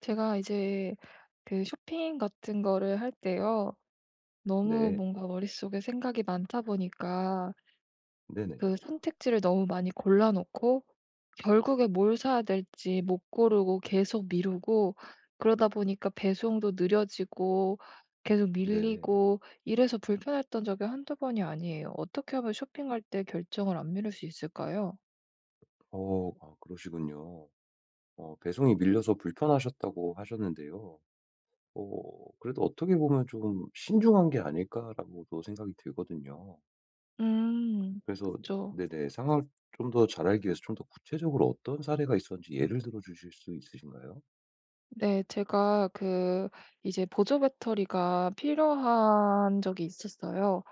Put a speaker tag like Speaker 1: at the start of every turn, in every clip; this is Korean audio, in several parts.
Speaker 1: 제가 이제 그 쇼핑 같은 거를 할 때요. 너무
Speaker 2: 네.
Speaker 1: 뭔가 머릿속에 생각이 많다 보니까
Speaker 2: 네 네.
Speaker 1: 그 선택지를 너무 많이 골라놓고 결국에 뭘 사야 될지 못 고르고 계속 미루고 그러다 보니까 배송도 느려지고 계속
Speaker 2: 네.
Speaker 1: 밀리고 이래서 불편했던 적이 1-2 번이 아니에요. 어떻게 하면 쇼핑할 때 결정을 안 미룰 수 있을까요?
Speaker 2: 어 아 그러시군요. 어 배송이 밀려서 불편하셨다고 하셨는데요. 어 그래도 '어떻게 보면 좀 신중한 게 아닐까.'라고도 생각이 들거든요.
Speaker 1: 음
Speaker 2: 그래서
Speaker 1: 그쵸.
Speaker 2: 네, 네. 상황을 좀 더 잘 알기 위해서 좀 더 구체적으로 어떤 사례가 있었는지 예를 들어주실 수 있으신가요?
Speaker 1: 네. 제가 그 이제 보조배터리가 필요한 적이 있었어요.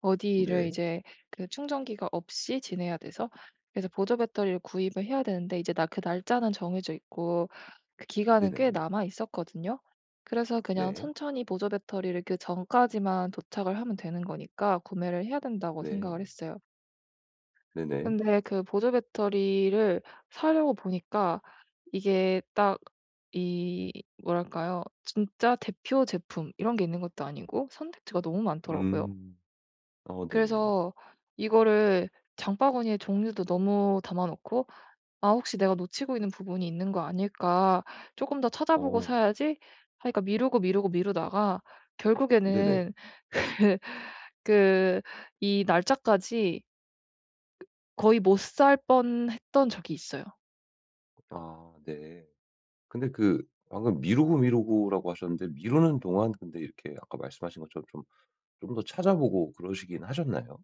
Speaker 1: 어디를
Speaker 2: 네.
Speaker 1: 이제 그 충전기가 없이 지내야 돼서. 그래서 보조배터리를 구입을 해야 되는데 이제 나 그 날짜는 정해져 있고 그 기간은 꽤
Speaker 2: 네네.
Speaker 1: 남아있었거든요. 그래서 그냥
Speaker 2: 네.
Speaker 1: 천천히 보조배터리를 그 전까지만 도착을 하면 되는 거니까 구매를 해야 된다고 생각을
Speaker 2: 네.
Speaker 1: 했어요.
Speaker 2: 네 네.
Speaker 1: 근데 그 보조 배터리를 사려고 보니까 이게 딱 이 뭐랄까요? 진짜 대표 제품 이런 게 있는 것도 아니고 선택지가 너무 많더라고요.
Speaker 2: 음 어 네, 네, 네.
Speaker 1: 그래서 이거를 장바구니에 종류도 너무 담아놓고 '아 혹시 내가 놓치고 있는 부분이 있는 거 아닐까?' 쪼끔 더 찾아보고
Speaker 2: 어.
Speaker 1: 사야지 하니까 미루고 미루고 미루다가
Speaker 2: 네네.
Speaker 1: 결국에는 그 이 날짜까지 ...거의 못 살 뻔했던 적이 있어요.
Speaker 2: 아 네. 근데 그 방금 "미루고 미루고."라고 하셨는데 미루는 동안 근데 이렇게 아까 말씀하신 것처럼 좀 좀 더 찾아 보고 그러시긴 하셨나요?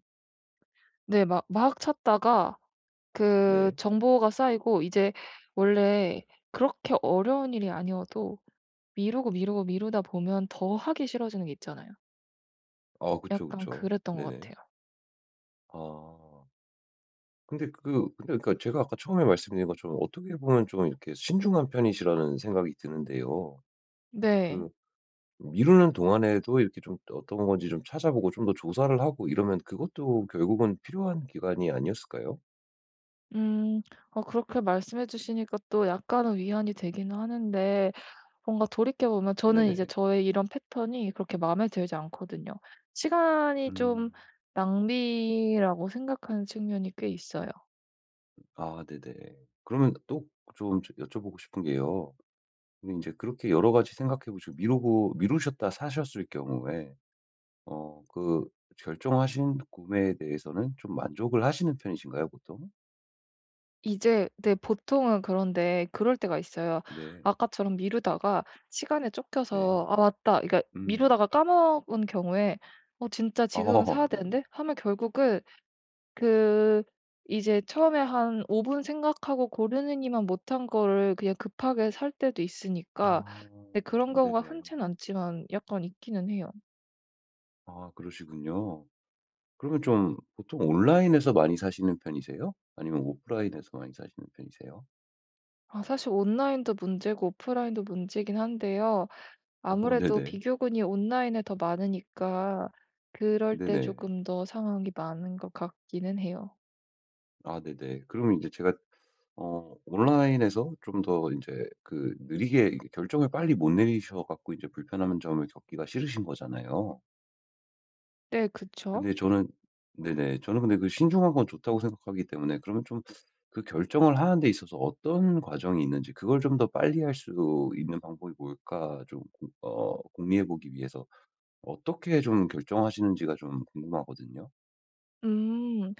Speaker 1: 네. 막 막 찾다가 그
Speaker 2: 네.
Speaker 1: 정보가 쌓이고 이제 원래 그렇게 어려운 일이 아니어도 미루고 미루고 미루다 보면 더 하기 싫어지는 게 있잖아요.
Speaker 2: 아 그쵸,
Speaker 1: 약간
Speaker 2: 그쵸.
Speaker 1: 그랬던 것
Speaker 2: 네네.
Speaker 1: 같아요.
Speaker 2: 아. 근데 그 근데 그러니까 제가 아까 처음에 말씀드린 것처럼 어떻게 보면 좀 이렇게 신중한 편이시라는 생각이 드는데요.
Speaker 1: 네.
Speaker 2: 그 미루는 동안에도 이렇게 좀 어떤 건지 좀 찾아 보고 좀 더 조사를 하고 이러면 그것도 결국은 필요한 기간이 아니었을까요?
Speaker 1: 음. 어 그렇게 말씀해 주시니까 또 약간은 위안이 되긴 하는데 뭔가 돌이켜 보면 저는 이제
Speaker 2: 네네.
Speaker 1: 저의 이런 패턴이 그렇게 마음에 들지 않거든요. 시간이 좀
Speaker 2: 음.
Speaker 1: 낭비라고 생각하는 측면이 꽤 있어요.
Speaker 2: 아 네네. 그러면 또 그 좀 여쭤보고 싶은 게요 그럼 인제 그렇게 여러 가지 생각해 보시고 미루고 미루셨다 사셨을 경우에 어 그 결정하신 구매에 대해서는 좀 만족을 하시는 편이신가요, 보통?
Speaker 1: 이제 네 보통은 그런데 그럴 때가 있어요.
Speaker 2: 네.
Speaker 1: 아까처럼 미루다가 시간에
Speaker 2: 네.
Speaker 1: 쫓겨서 '아 맞다.' 그러니까
Speaker 2: 음.
Speaker 1: 미루다가 까먹은 경우에 '어 진짜 지금은
Speaker 2: 어.
Speaker 1: 사야
Speaker 2: 네네.
Speaker 1: 되는데.' 하면 결국은 그 이제 처음에 한 5 분 생각하고 고르느니만 못한 거를 그냥 급하게 살 때도 있으니까
Speaker 2: 아.
Speaker 1: 네 그런 경우가
Speaker 2: 네네.
Speaker 1: 흔치는 않지만 약간 있기는 해요.
Speaker 2: 아 그러시군요. 그러면 좀 보통 온라인에서 많이 사시는 편이세요 아니면 오프라인에서 많이 사시는 편이세요?
Speaker 1: 아 사실 온라인도 문제고 오프라인도 문제이긴 한데요
Speaker 2: 어
Speaker 1: 아무래도
Speaker 2: 네네.
Speaker 1: 비교군이 온라인에 더 많으니까 그럴 때
Speaker 2: 네네.
Speaker 1: 조금 더 상황이 많은 것 같기는 해요.
Speaker 2: 아 네네. 그러면 이제 제가 어 온라인에서 좀 더 이제 그 느리게 결정을 빨리 못 내리셔 갖고 이제 불편한 점을 겪기가 싫으신 거잖아요.
Speaker 1: 네 그쵸.
Speaker 2: 근데 저는 네네. 저는 근데 그 신중한 건 좋다고 생각하기 때문에 그러면 좀 그 결정을 하는 데 있어서 어떤 과정이 있는지 그걸 좀 더 빨리 할 수 있는 방법이 뭘까 조금 어 공유해 보기 위해서 어떻게 좀 결정하시는지가 좀 궁금하거든요.
Speaker 1: 음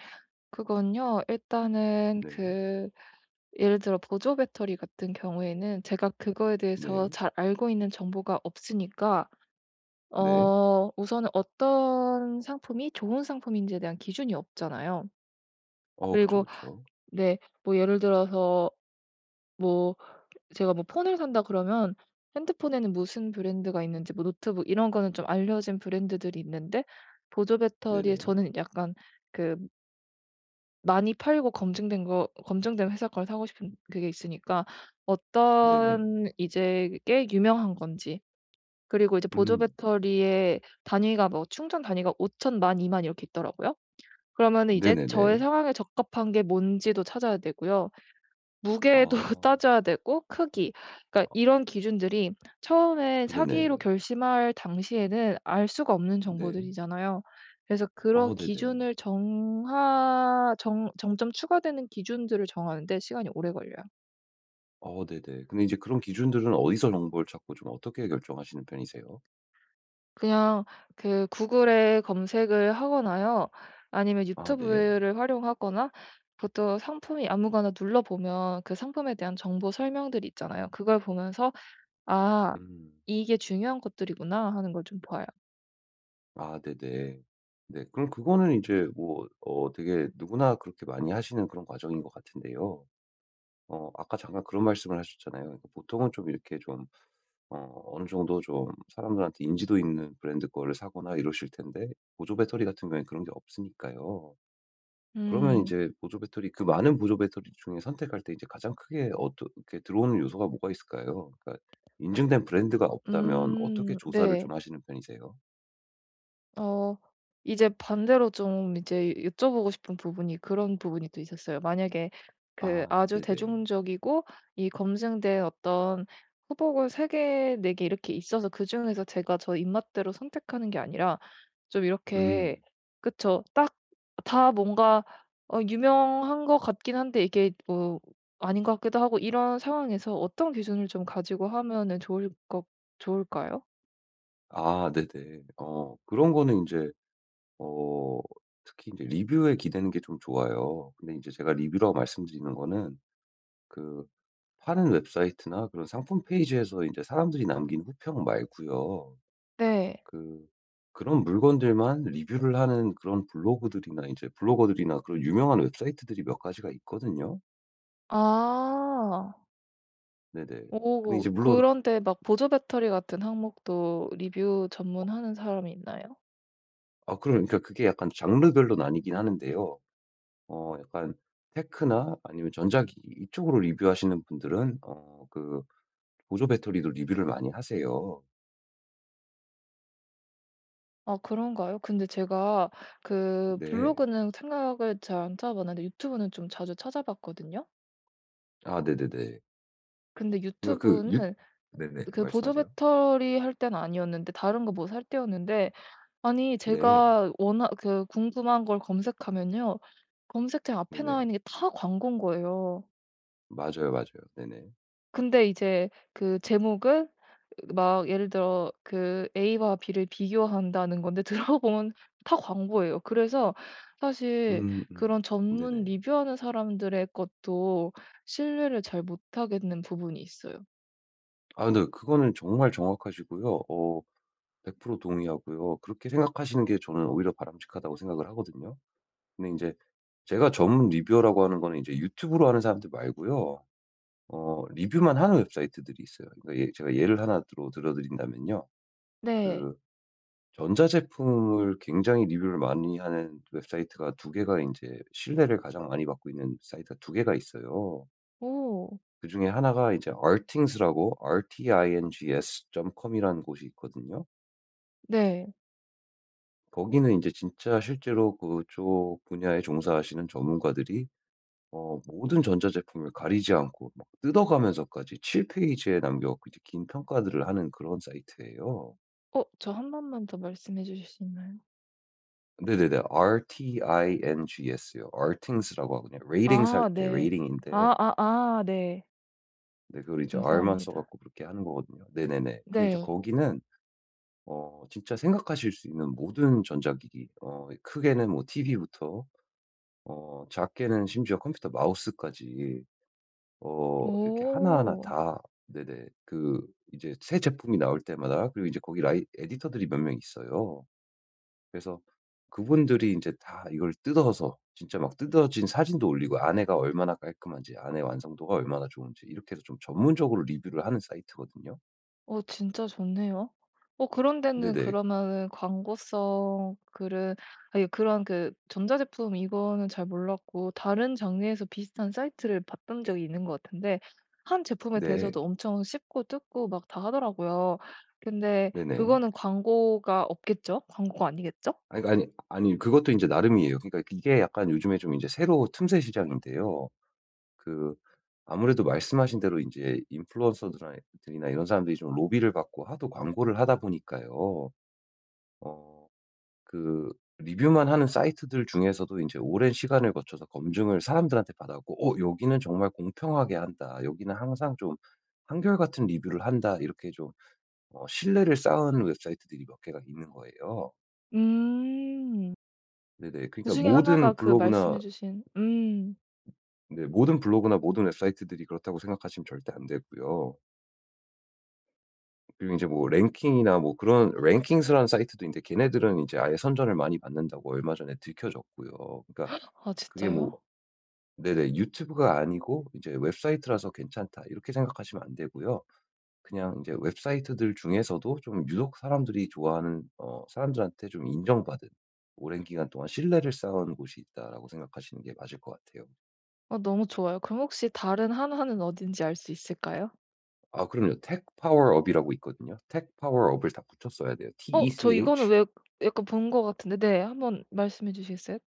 Speaker 1: 그건요 일단은
Speaker 2: 네.
Speaker 1: 그 예를 들어 보조 배터리 같은 경우에는 제가 그거에 대해서
Speaker 2: 네.
Speaker 1: 잘 알고 있는 정보가 없으니까
Speaker 2: 네.
Speaker 1: 어 우선은 어떤 상품이 좋은 상품인지에 대한 기준이 없잖아요.
Speaker 2: 어 그쵸,
Speaker 1: 그리고
Speaker 2: 그쵸.
Speaker 1: 네, 뭐 예를 들어서 뭐 제가 뭐 폰을 산다 그러면 핸드폰에는 무슨 브랜드가 있는지 뭐 노트북 이런 거는 좀 알려진 브랜드들이 있는데 보조 배터리에
Speaker 2: 네네.
Speaker 1: 저는 약간 그 많이 팔고 검증된 거 검증된 회사 걸 사고 싶은 그게 있으니까
Speaker 2: 네네.
Speaker 1: 어떤 이제 게 유명한 건지 그리고 이제 보조
Speaker 2: 음.
Speaker 1: 배터리의 단위가 뭐 충전 단위가 5,000, 10,000, 20,000 이렇게 있더라고요. 그러면은 이제 저의
Speaker 2: 네네네.
Speaker 1: 상황에 적합한 게 뭔지도 찾아야 되고요, 무게도
Speaker 2: 아.
Speaker 1: 따져야 되고, 크기 그러니까
Speaker 2: 어.
Speaker 1: 이런 기준들이 처음에
Speaker 2: 네네.
Speaker 1: 사기로 결심할 당시에는 알 수가 없는
Speaker 2: 네.
Speaker 1: 정보들이잖아요. 그래서 그런
Speaker 2: 어 네네.
Speaker 1: 기준을 정하 정 점점 추가되는 기준들을 정하는 데 시간이 오래 걸려요.
Speaker 2: 어 네네. 근데 이제 그런 기준들은 어디서 정보를 찾고 좀 어떻게 결정하시는 편이세요?
Speaker 1: 그냥 그 구글에 검색을 하거나요 아니면
Speaker 2: 아 네.
Speaker 1: 유튜브를 활용하거나 보통 상품이 아무거나 눌러보면 그 상품에 대한 정보 설명들이 있잖아요. 그걸 보면서 '아
Speaker 2: 음.
Speaker 1: 이게 중요한 것들이구나.' 하는 걸 좀 봐요.
Speaker 2: 아 네, 네. 네. 그럼 그거는 이제 뭐 어 되게 누구나 그렇게 많이 하시는 그런 과정인 것 같은데요 어 아까 잠깐 그런 말씀을 하셨잖아요. 보통은 좀 이렇게 좀 어 어느 정도 좀 사람들한테 인지도 있는 브랜드 거를 사거나 이러실 텐데 보조 배터리 같은 경우에는 그런 게 없으니까요. 그러면
Speaker 1: 음.
Speaker 2: 인제 보조 배터리 그 많은 보조 배터리 중에 선택할 때 이제 가장 크게 어떤 그렇게 들어오는 요소가 뭐가 있을까요? 그러니까 인증된 브랜드가 없다면 어떻게
Speaker 1: 음
Speaker 2: 조사를
Speaker 1: 네.
Speaker 2: 좀 하시는 편이세요?
Speaker 1: 어 이제 반대로 좀 이제 여쭤보고 싶은 부분이 그런 부분이 또 있었어요. 만약에 그
Speaker 2: 아
Speaker 1: 아주
Speaker 2: 네네.
Speaker 1: 대중적이고 이 검증된 어떤 후보가 3 개 4 개 이렇게 있어서 그중에서 제가 저 입맛대로 선택하는 게 아니라 좀 이렇게
Speaker 2: 음.
Speaker 1: 그쵸. 딱 다 뭔가 어 유명한 것 같긴 한데 이게 뭐 아닌 것 같기도 하고 이런 상황에서 어떤 기준을 좀 가지고 하면은 좋을 것 좋을까요?
Speaker 2: 아 네네. 어 그런 거는 인제 어 특히 인제 리뷰에 기대는 게 좀 좋아요. 근데 이제 제가 리뷰라고 말씀드리는 거는 그 파는 웹사이트나 그런 상품 페이지에서 이제 사람들이 남긴 후평 말고요.
Speaker 1: 네.
Speaker 2: 그 그런 물건들만 리뷰를 하는 그런 블로그들이나 이제 블로거들이나 그런 유명한 웹사이트들이 몇 가지가 있거든요.
Speaker 1: 아.
Speaker 2: 네네. 근데
Speaker 1: 어
Speaker 2: 이제 물론
Speaker 1: 그런데 막 보조배터리 같은 항목도 리뷰
Speaker 2: 어.
Speaker 1: 전문하는 사람이 있나요?
Speaker 2: 어 그러니까 그게 약간 장르별로 나뉘긴 하는데요. 어 약간 테크나 아니면 전자기기 이쪽으로 리뷰 하시는 분들은 어 그 보조 배터리도 리뷰를 많이 하세요.
Speaker 1: 아 그런가요? 근데 제가 그
Speaker 2: 네.
Speaker 1: 블로그는 생각을 잘 안 찾아봤는데 유튜브는 좀 자주 찾아봤거든요.
Speaker 2: 아 네네네.
Speaker 1: 근데
Speaker 2: 그니까 그 유
Speaker 1: 유튜브는
Speaker 2: 네네.
Speaker 1: 그 보조
Speaker 2: 말씀하세요.
Speaker 1: 배터리 할 때는 아니었는데 다른 거 뭐 살 때였는데 아니
Speaker 2: 네.
Speaker 1: 제가 워낙 그 궁금한 걸 검색하면요. 검색창 앞에 나와
Speaker 2: 네네.
Speaker 1: 있는 게 다 광곤 거예요.
Speaker 2: 맞아요, 맞아요. 네네.
Speaker 1: 근데 이제 그 제목은 막 예를 들어 그 A와 B를 비교한다는 건데 들어보면 다 광고예요. 그래서 사실
Speaker 2: 음음.
Speaker 1: 그런 전문
Speaker 2: 네네.
Speaker 1: 리뷰 하는 사람들의 것도 신뢰를 잘 못하겠는 부분이 있어요.
Speaker 2: 아 근데 그거는 정말 정확하시고요 어 100% 동의하고요 그렇게 생각하시는 게 저는 오히려 바람직하다고 생각을 하거든요. 근데 인제 제가 전문 리뷰어라고 하는 거는 이제 유튜브로 하는 사람들 말고요 어 리뷰만 하는 웹사이트들이 있어요. 그러니까 예 제가 예를 하나 들어 들어드린다면요
Speaker 1: 네.
Speaker 2: 그 전자제품을 굉장히 리뷰를 많이 하는 웹사이트가 2 개가 인제 신뢰를 가장 많이 받고 있는 사이트가 2 개가 있어요.
Speaker 1: 오.
Speaker 2: 그중에 하나가 이제 RTINGS라고 R T I N G S .com이라는 곳이 있거든요.
Speaker 1: 네.
Speaker 2: 거기는 인제 진짜 실제로 그쪽 분야에 종사하시는 전문가들이 어 모든 전자제품을 가리지 않고 막 뜯어가면서까지 7 페이지에 남겨 갖고 이제 긴 평가들을 하는 그런 사이트예요.
Speaker 1: 어 저 1 번만 더 말씀해 주실 수 있나요?
Speaker 2: 네네네. RTINGS요. RTINGS라고 하거든요. ratings 할
Speaker 1: 아
Speaker 2: 때
Speaker 1: 네.
Speaker 2: ratings인데.
Speaker 1: 아아아, 네.
Speaker 2: 네, 그걸 이제 R만 써
Speaker 1: 감사합니다.
Speaker 2: 갖고그렇게 하는 거거든요. 네네네. 근데 이제
Speaker 1: 네.
Speaker 2: 거기는 어 진짜 생각하실 수 있는 모든 전자기기. 어 크게는 뭐 TV부터 어 작게는 심지어 컴퓨터 마우스까지, 어 이렇게 하나하나
Speaker 1: 어.
Speaker 2: 다 네네. 그 이제 새 제품이 나올 때마다 그리고 이제 거기 라이 에디터들이 몇 명 있어요. 그래서 그분들이 인제 다 이걸 뜯어서 진짜 막 뜯어진 사진도 올리고 안에가 얼마나 깔끔한지, 안에 완성도가 얼마나 좋은지 이렇게 해서 좀 전문적으로 리뷰를 하는 사이트거든요.
Speaker 1: 어 진짜 좋네요. 어 그런 데는
Speaker 2: 네네.
Speaker 1: 그러면은 광고성 글은 아유 그런 그 전자제품 이거는 잘 몰랐고, 다른 장르에서 비슷한 사이트를 봤던 적이 있는 것 같은데 1 제품에
Speaker 2: 네.
Speaker 1: 대해서도 엄청 씹고 뜯고 막 다 하더라고요. 근데
Speaker 2: 네네.
Speaker 1: 그거는 광고가 없겠죠? 광고가 아니겠죠?
Speaker 2: 아니, 아니, 아니 그것도 인제 나름이에요. 그니까 이게 약간 요즘에 인제 새로 틈새시장인데요. 그 아무래도 말씀하신 대로 인제 인플루언서들아 들이나 이런 사람들이 좀 로비를 받고 하도 광고를 하다 보니까요. 어 그 리뷰만 하는 사이트들 중에서도 인제 오랜 시간을 거쳐서 검증을 사람들한테 받았고 '어, 여기는 정말 공평하게 한다, 여기는 항상 좀 한결같은 리뷰를 한다.' 이렇게 좀, 어 신뢰를 쌓은 웹사이트들이 몇 개가 있는 거예요.
Speaker 1: 음.
Speaker 2: 네네. 그니까
Speaker 1: 그중에 하나가
Speaker 2: 모든
Speaker 1: 그
Speaker 2: 블로그나
Speaker 1: 말씀해 주신 음.
Speaker 2: 네 모든 블로그나 모든 웹사이트들이 그렇다고 생각하시면 절대 안 되고요. 그리고 인제 뭐 랭킹이나 뭐 그런 랭킹스라는 사이트도 있는데 걔네들은 인제 아예 선전을 많이 받는다고 얼마 전에 들켜졌고요. 그니까
Speaker 1: 아
Speaker 2: 그게 뭐
Speaker 1: 진짜요?
Speaker 2: 네네, '유튜브가 아니고 이제 웹사이트라서 괜찮다.' 이렇게 생각하시면 안되고요. 그냥 이제 웹사이트들 중에서도 좀 유독 사람들이 좋아하는 어 사람들한테 좀 인정받은 '오랜 기간 동안 신뢰를 쌓아온 곳이 있다.'라고 생각하시는 게 맞을 것 같아요.
Speaker 1: 아 너무 좋아요. 그럼 혹시 다른 하나는 어딘지 알 수 있을까요?
Speaker 2: 아 그럼요. 텍파워업 이라고 있거든요. 텍파워업을 다 붙여 써야 돼요.
Speaker 1: 어 저 이거는
Speaker 2: TECH.
Speaker 1: 왜 약간 본 것 같은데 네, 한번 말씀해 주시겠어요?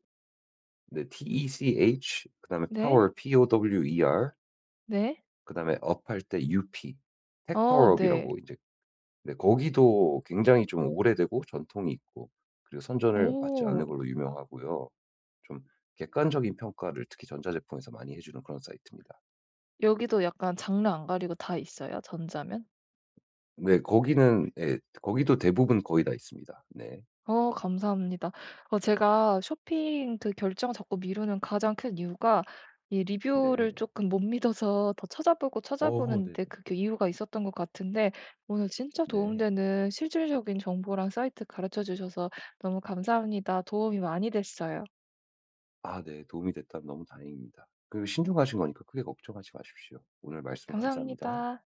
Speaker 2: 네, TECH 그다음에
Speaker 1: 네.
Speaker 2: 파워 POWER.
Speaker 1: 네.
Speaker 2: 그다음에 업할 때 UP.
Speaker 1: 아,
Speaker 2: 텍파워업
Speaker 1: 네.
Speaker 2: 이라고 이제. 네 거기도 굉장히 좀 오래되고, 전통이 있고. 그리고 선전을 받지
Speaker 1: 오.
Speaker 2: 않는 걸로 유명하고요. 좀 객관적인 평가를 특히 전자 제품에서 많이 해주는 그런 사이트입니다.
Speaker 1: 여기도 약간 장르 안 가리고 다 있어요, 전자면?
Speaker 2: 네, 거기는 예 거기도 대부분 거의 다 있습니다. 네.
Speaker 1: 어 감사합니다. 어 제가 쇼핑 그 결정 자꾸 미루는 가장 큰 이유가 이 리뷰를
Speaker 2: 네.
Speaker 1: 쪼끔 못 믿어서 더 찾아보고
Speaker 2: 어 네.
Speaker 1: 찾아보는데 그게 이유가 있었던 것 같은데 오늘 진짜
Speaker 2: 네.
Speaker 1: 도움되는 실질적인 정보랑 사이트 가르쳐 주셔서 너무 감사합니다. 도움이 많이 됐어요.
Speaker 2: 아 네. 도움이 됐다면 너무 다행입니다. 그리고 신중하신 거니까 크게 걱정하지 마십시오. 오늘 말씀 감사합니다.
Speaker 1: 감사합니다.